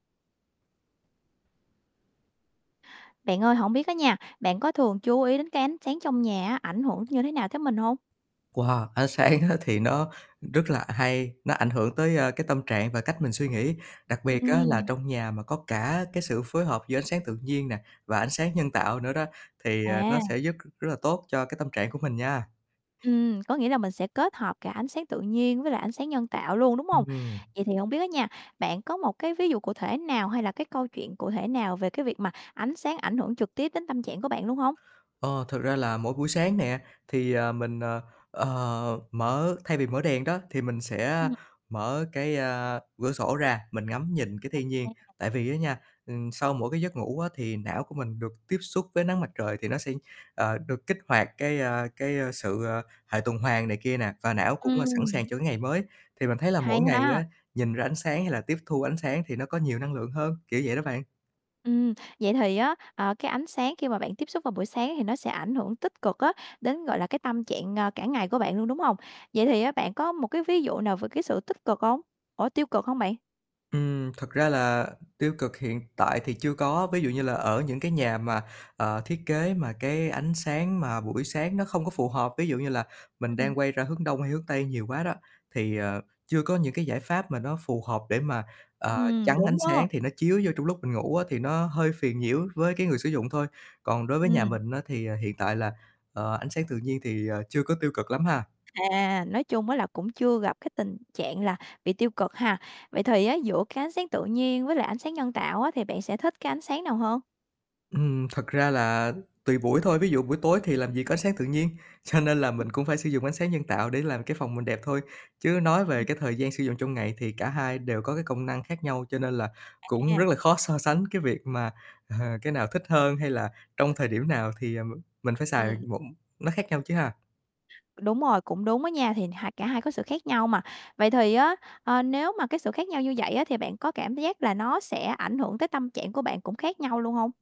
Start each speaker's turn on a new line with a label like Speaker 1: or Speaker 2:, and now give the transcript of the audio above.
Speaker 1: Bạn ơi, hổng biết á nha, bạn có thường chú ý đến cái ánh sáng trong nhà á, ảnh hưởng như thế nào tới mình hông?
Speaker 2: Wow! Ánh sáng á thì nó rất là hay, nó ảnh hưởng tới, à, cái tâm trạng và cách mình suy nghĩ. Đặc biệt á là
Speaker 1: Ừm.
Speaker 2: trong nhà mà có cả cái sự phối hợp giữa ánh sáng tự nhiên nè và ánh sáng nhân tạo nữa đó thì nó
Speaker 1: À.
Speaker 2: sẽ giúp rất là tốt cho cái tâm trạng của mình nha.
Speaker 1: Ừm, có nghĩa là mình sẽ kết hợp cả ánh sáng tự nhiên với lại ánh sáng nhân tạo luôn, đúng hông?
Speaker 2: Ừm.
Speaker 1: Vậy thì hông biết hết nha, bạn có một cái ví dụ cụ thể nào hay là cái câu chuyện cụ thể nào về cái việc mà ánh sáng ảnh hưởng trực tiếp đến tâm trạng của bạn luôn hông?
Speaker 2: Ờ, thực ra là mỗi buổi sáng nè thì, ờ, mình, ờ, ờ, mở thay vì mở đèn đó thì mình sẽ
Speaker 1: Ừm.
Speaker 2: mở cái, a, cửa sổ ra mình ngắm nhìn cái
Speaker 1: À
Speaker 2: thiên nhiên.
Speaker 1: ha.
Speaker 2: Tại vì á nha, ừm, sau mỗi cái giấc ngủ á, thì não của mình được tiếp xúc với nắng mặt trời thì nó sẽ, ờ, được kích hoạt cái, a, cái sự, ờ, hệ tuần hoàn này kia nè và não cũng sẵn sàng
Speaker 1: Ừm.
Speaker 2: cho cái ngày mới. Thì mình thấy là
Speaker 1: Hay
Speaker 2: mỗi ngày
Speaker 1: ha.
Speaker 2: á, nhìn ra ánh sáng hay là tiếp thu ánh sáng thì nó có nhiều năng lượng hơn kiểu vậy đó bạn.
Speaker 1: Ừm, vậy thì á, ờ, cái ánh sáng khi mà bạn tiếp xúc vào buổi sáng thì nó sẽ ảnh hưởng tích cực á đến, gọi là, cái tâm trạng cả ngày của bạn luôn, đúng hông? Vậy thì bạn có một cái ví dụ nào về cái sự tích cực hông? Ủa, tiêu cực không bạn?
Speaker 2: Ừm. Thật ra là tiêu cực hiện tại thì chưa có. Ví dụ như là ở những cái nhà mà, ờ, thiết kế mà cái ánh sáng mà buổi sáng nó không có phù hợp, ví dụ như là mình
Speaker 1: Ừm.
Speaker 2: đang quay ra hướng đông hay hướng tây nhiều quá đó thì, ờ, chưa có những cái giải pháp mà nó phù hợp để mà, ờ,
Speaker 1: Ừm,
Speaker 2: chắn ánh
Speaker 1: đúng đó.
Speaker 2: sáng thì nó chiếu vô trong lúc mình ngủ á, thì nó hơi phiền nhiễu với cái người sử dụng thôi. Còn đối với nhà
Speaker 1: Ừm.
Speaker 2: mình á, thì hiện tại là, ờ, ánh sáng tự nhiên thì chưa có tiêu cực lắm ha.
Speaker 1: À, nói chung á là cũng chưa gặp cái tình trạng là bị tiêu cực ha. Vậy thì á, giữa cái ánh sáng tự nhiên với lại ánh sáng nhân tạo á thì bạn sẽ thích cái ánh sáng nào hơn?
Speaker 2: Ừm. Thật ra là tùy buổi thôi. Ví dụ buổi tối thì làm gì có ánh sáng tự nhiên, cho nên là mình cũng phải sử dụng ánh sáng nhân tạo để làm cái phòng mình đẹp thôi. Chứ nói về
Speaker 1: Ừm.
Speaker 2: cái thời gian sử dụng trong ngày thì cả hai đều có cái công năng khác nhau, cho nên là cũng rất
Speaker 1: À.
Speaker 2: là khó so sánh cái việc mà, ờ, cái nào thích hơn hay là trong thời điểm nào thì, ừm, mình phải xài
Speaker 1: Ừm.
Speaker 2: một nó khác nhau chứ ha.
Speaker 1: Đúng rồi, cũng đúng đó nha, thì hai cả hai có sự khác nhau mà. Vậy thì á, ờ, nếu mà cái sự khác nhau như vậy á, thì bạn có cảm giác là nó sẽ ảnh hưởng tới tâm trạng của bạn cũng khác nhau luôn hông?